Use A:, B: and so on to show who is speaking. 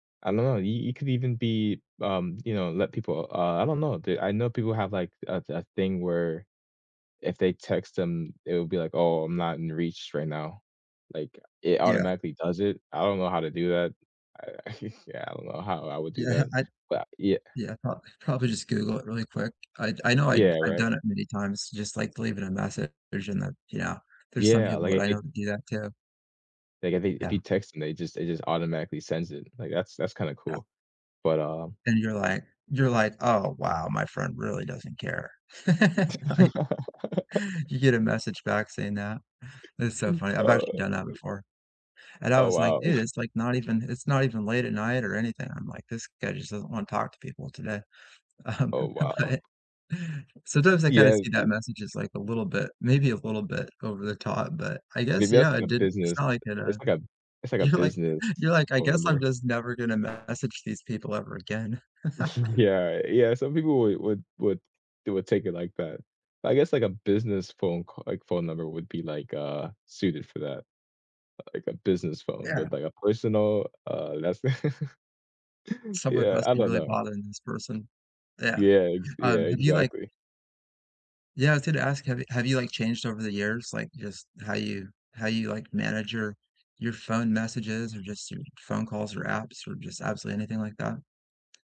A: I know, you you could even be, um, you know, let people uh, I don't know, I know people have, like, a a thing where if they text them, it will be like, "Oh, I'm not in reach right now," like, it
B: Yeah.
A: automatically does it, I don't know how to do that, I yeah, I don't know how I would do
B: Yeah,
A: that,
B: I
A: but yeah.
B: Yeah, prob probably just Google it really quick. I'd I know I'd
A: Yeah,
B: I've
A: right?
B: done it many times just, like, leaving a message and then, yeah, there's some
A: Yeah,
B: people
A: like,
B: that
A: if
B: I
A: they
B: know that do that too.
A: like, if they if
B: Yeah.
A: you text them, they just it just automatically sends it, like, that's that's kinda
B: Yeah.
A: cool, but, um
B: And you're like you're like, "Oh, wow, my friend really doesn't care." Right, you get a message back saying that. That's so funny, I've
A: Uh.
B: actually done that
A: U
B: before. And I
A: Oh,
B: was like,
A: wow.
B: dude, it's, like, not even it's not even late at night or anything, I'm like, "This guy just doesn't wanna talk to people today." Um,
A: Oh, wow.
B: but Sometimes I kinda
A: Yeah,
B: see that
A: th
B: message as, like, a little bit, maybe a little bit over the top, but I
A: Yeah,
B: guess,
A: that's,
B: yeah,
A: like,
B: it
A: a
B: did it's
A: business,
B: not like it, uh
A: it's, like, a it's, like, a
B: You're like
A: business
B: you're like, "I
A: phone
B: guess I'm
A: number.
B: just never gonna message these people ever again."
A: Yeah, yeah, some people would would would they would take it like that. I guess, like, a business phone ca like, phone number would be, like, uh, suited for that. Like, a business phone,
B: Yeah.
A: but, like, a personal, uh, that's
B: Someone
A: Yeah,
B: must
A: I
B: be
A: don't
B: really
A: know.
B: bothering this person. Yeah,
A: Yeah, ex yeah,
B: um, have you like
A: exactly.
B: Yeah, I was gonna ask, have you have you, like, changed over the years, like, just how you how you, like, manage your your phone messages or just your phone calls, or apps, or just absolutely anything like that?